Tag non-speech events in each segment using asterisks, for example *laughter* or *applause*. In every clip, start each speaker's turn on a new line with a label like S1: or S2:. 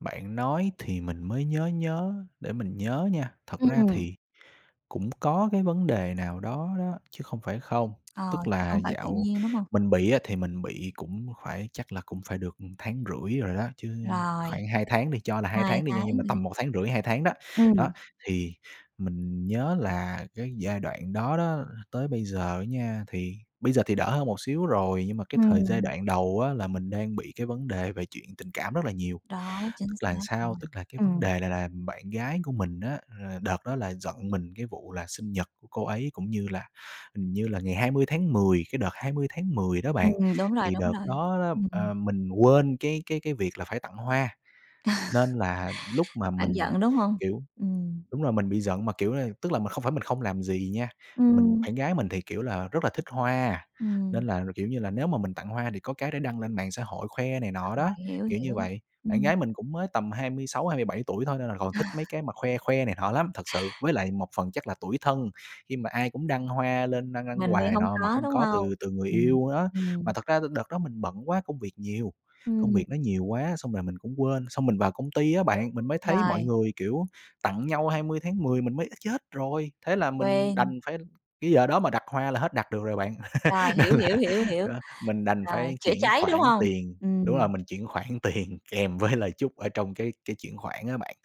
S1: Bạn nói thì mình mới nhớ nhớ, để mình nhớ nha. Thật
S2: Ừm
S1: ra
S2: ừm.
S1: thì cũng có cái vấn đề nào đó đó, chứ không phải không.
S2: Ờ,
S1: Tức
S2: chứ
S1: là
S2: không phải tự
S1: dạo
S2: nhiên đúng hông?
S1: mình bị á thì mình bị cũng phải chắc là cũng phải được, ừ, 1,5 tháng rồi đó, chứ
S2: Rồi.
S1: khoảng 2 tháng đi cho là 2
S2: 2
S1: tháng đi nha.
S2: tháng ấy
S1: Nhưng mà
S2: nhỉ?
S1: tầm 1,5 tháng, 2 tháng đó, đó,
S2: Ừm.
S1: thì mình nhớ là cái giai đoạn đó đó tới bây giờ nha, thì bây giờ thì đỡ hơn một xíu rồi. Nhưng mà cái thời giai
S2: Ừm.
S1: đoạn đầu á là mình đang bị cái vấn đề về chuyện tình cảm rất là nhiều.
S2: Đó,
S1: Tức
S2: chính
S1: là
S2: xác rồi.
S1: sao? Tức là cái vấn
S2: Ừm.
S1: đề này là bạn gái của mình á, ờ, đợt đó là giận mình cái vụ là sinh nhật của cô ấy cũng như là, hình như là ngày 20 tháng 10. Cái đợt 20 tháng 10 đó bạn,
S2: Ừm, đúng rồi,
S1: thì
S2: đúng
S1: đợt
S2: rồi.
S1: đó đó,
S2: Ừm, ừm.
S1: ờ, mình quên cái cái cái việc là phải tặng hoa,
S2: Ờ.
S1: nên là lúc mà
S2: Bạn
S1: mình,
S2: giận, đúng hông?
S1: kiểu
S2: Ừm.
S1: đúng rồi mình bị giận mà, kiểu là, tức là mình không phải mình không làm gì nha. Mình
S2: Ừm.
S1: bạn gái mình thì, kiểu là, rất là thích hoa, nên
S2: Ừm.
S1: là, kiểu như là, nếu mà mình tặng hoa thì có cái để đăng lên mạng xã hội khoe này
S2: Đăng
S1: nọ đó,
S2: bài, hiểu
S1: kiểu như
S2: hiểu.
S1: vậy. Bạn
S2: Ừm.
S1: gái mình cũng mới tầm 26, 27 tuổi thôi nên là còn
S2: À.
S1: thích mấy cái mà khoe khoe này nọ lắm, thật sự. Với lại một phần chắc là tủi thân khi mà ai cũng đăng hoa lên đăng đăng
S2: Mình
S1: quà
S2: thì
S1: này
S2: hông
S1: nọ mà
S2: có,
S1: không
S2: đúng
S1: có
S2: hông?
S1: từ từ người
S2: Ừm,
S1: yêu đó. Mà
S2: ừm.
S1: thật ra thì đợt đó mình bận quá, công việc nhiều, công
S2: Ừm.
S1: việc nó nhiều quá xong là mình cũng quên. Xong mình vào công ty á bạn, mình mới thấy mọi
S2: Rồi.
S1: người kiểu tặng nhau 20 tháng 10 mình mới "Ơ, chết rồi!" Thế là mình
S2: Quên.
S1: đành phải cái giờ đó mà đặt hoa là hết đặt được rồi bạn.
S2: Rồi,
S1: *laughs* Nên
S2: hiểu,
S1: là,
S2: hiểu, hiểu, hiểu,
S1: đó, mình đành
S2: rồi
S1: phải
S2: chữa
S1: chuyển
S2: cháy, đúng
S1: khoản
S2: hông?
S1: tiền. Đúng
S2: Ừm.
S1: rồi mình chuyển khoản tiền kèm với lời chúc ở trong cái cái chuyển khoản á bạn,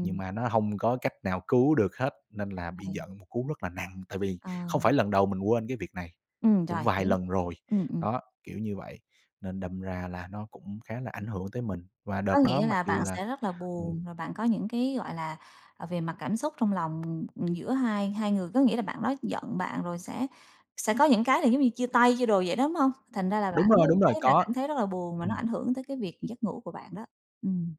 S1: nhưng mà nó hông có cách nào cứu được hết, nên là bị
S2: Ờ.
S1: giận một cú rất là nặng. Tại vì
S2: Ờ.
S1: không phải lần đầu mình quên cái việc này,
S2: Ừm,
S1: cũng
S2: rồi,
S1: vài
S2: hiểu.
S1: lần rồi.
S2: Ừm, ừm.
S1: Đó, kiểu như vậy, nên đâm ra là nó cũng khá là ảnh hưởng tới mình. Và
S2: Có
S1: đợt đó
S2: nghĩa
S1: mặc
S2: là
S1: dù
S2: bạn
S1: là
S2: sẽ rất là
S1: ừm.
S2: buồn, rồi bạn có những cái, gọi là, ờ, về mặt cảm xúc trong lòng giữa hai hai người, có nghĩa là bạn đó giận bạn rồi sẽ sẽ có những cái là giống như chia tay, chia đồ vậy đó, đúng hông? Thành ra là bạn
S1: Đúng rồi,
S2: hướng
S1: đúng rồi,
S2: thấy là
S1: có.
S2: cảm thấy rất là buồn và nó
S1: Ừm.
S2: ảnh hưởng tới cái việc giấc ngủ của bạn đó. Ừm.